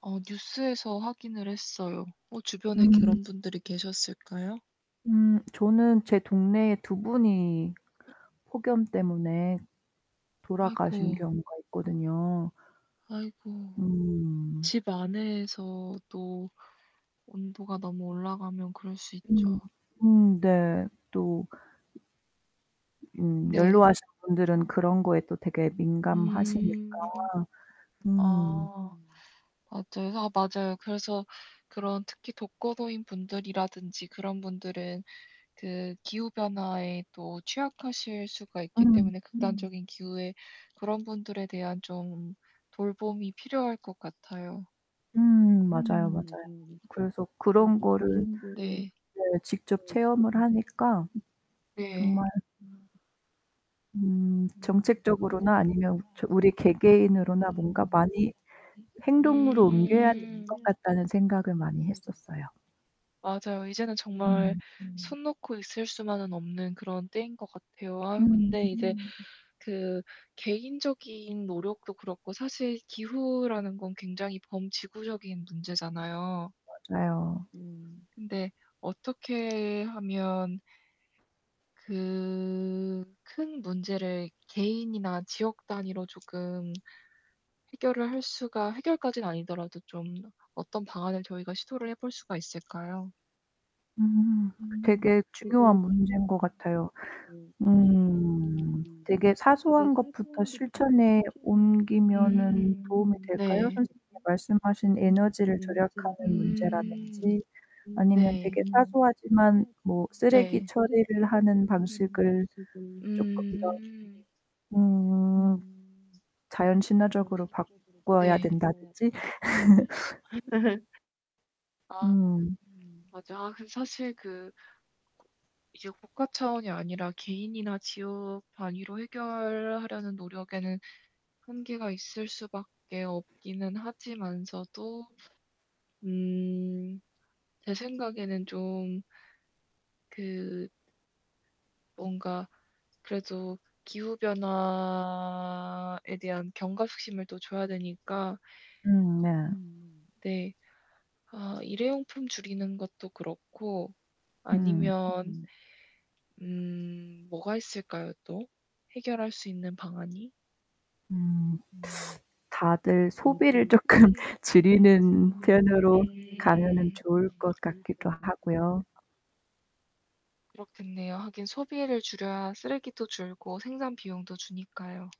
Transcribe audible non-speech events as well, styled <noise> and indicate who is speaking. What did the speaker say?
Speaker 1: 어 뉴스에서 확인을 했어요. 어 주변에
Speaker 2: 음.
Speaker 1: 그런 분들이 계셨을까요?
Speaker 2: 음 저는 제 동네에 두 분이 폭염 때문에
Speaker 1: 아이고.
Speaker 2: 돌아가신 경우가 있거든요.
Speaker 1: 아이고.
Speaker 2: 음.
Speaker 1: 집 안에서도 온도가 너무 올라가면 그럴 수
Speaker 2: 음
Speaker 1: 있죠.
Speaker 2: 음 네. 또 음
Speaker 1: 네.
Speaker 2: 연로하신 분들은 그런거에 또 되게 민감하시니까.
Speaker 1: 음.
Speaker 2: 음.
Speaker 1: 아 <unintelligible> 맞아요. 그래서 그런 특히 독거노인분들이라든지 그런 분들은 그 기후변화에 또 취약하실 수가 있기
Speaker 2: 음.
Speaker 1: 때문에 극단적인 기후에 그런 분들에 대한 좀 돌봄이 필요할 것 같아요.
Speaker 2: 음 맞아요, 맞아요. 그래서 그런 거를
Speaker 1: 네.
Speaker 2: 네 직접 체험을 하니까
Speaker 1: 네.
Speaker 2: 정말 음
Speaker 1: 음.
Speaker 2: 정책적으로나 아니면 저 우리 개개인으로나 뭔가 많이 행동으로 옮겨야 될 것 같다는 생각을 많이 했었어요.
Speaker 1: 맞아요. 이제는 정말
Speaker 2: 음.
Speaker 1: 손 놓고 있을 수만은 없는 그런 때인 것 같아요. 아유
Speaker 2: 음.
Speaker 1: 근데 이제 그 개인적인 노력도 그렇고 사실 기후라는 건 굉장히 범지구적인 문제잖아요.
Speaker 2: 맞아요.
Speaker 1: 음 근데 어떻게 하면 그 큰 문제를 개인이나 지역 단위로 조금 해결을 할 수가 해결까지는 아니더라도 좀 어떤 방안을 저희가 시도를 해볼 수가 있을까요?
Speaker 2: 음.
Speaker 1: 음. 음. 네. 음. 네. 네. 음. 네.
Speaker 2: 되게 중요한 문제인 것 같아요. 음 되게 사소한 것부터 실천에 옮기면은 도움이 될까요? 선생님께서 말씀하신 에너지를 절약하는 문제라든지 아니면 되게 사소하지만 뭐 쓰레기 처리를 하는 방식을 쪼끔 더 음. 자연 친화적으로 바꿔야 된다든지.
Speaker 1: <laughs>
Speaker 2: <laughs>
Speaker 1: 아
Speaker 2: 음.
Speaker 1: 맞아. 아 그 사실 그 이게 국가 차원이 아니라 개인이나 지역 단위로 해결하려는 노력에는 한계가 있을 수밖에 없기는 하지만서도 음 제 생각에는 좀 그 뭔가 그래도 기후변화에 대한 경각심을 또 줘야 되니까
Speaker 2: 음 네.
Speaker 1: 네. 아 일회용품 줄이는 것도 그렇고
Speaker 2: 음.
Speaker 1: 아니면 음 뭐가 있을까요 또. 해결할 수 있는 방안이?
Speaker 2: 음. 다들 소비를
Speaker 1: 음.
Speaker 2: 쪼끔 줄이는 편으로 가면은 좋을 것 같기도 하고요.
Speaker 1: 그렇겠네요. 하긴 소비를 줄여야 쓰레기도 줄고 생산비용도 주니까요.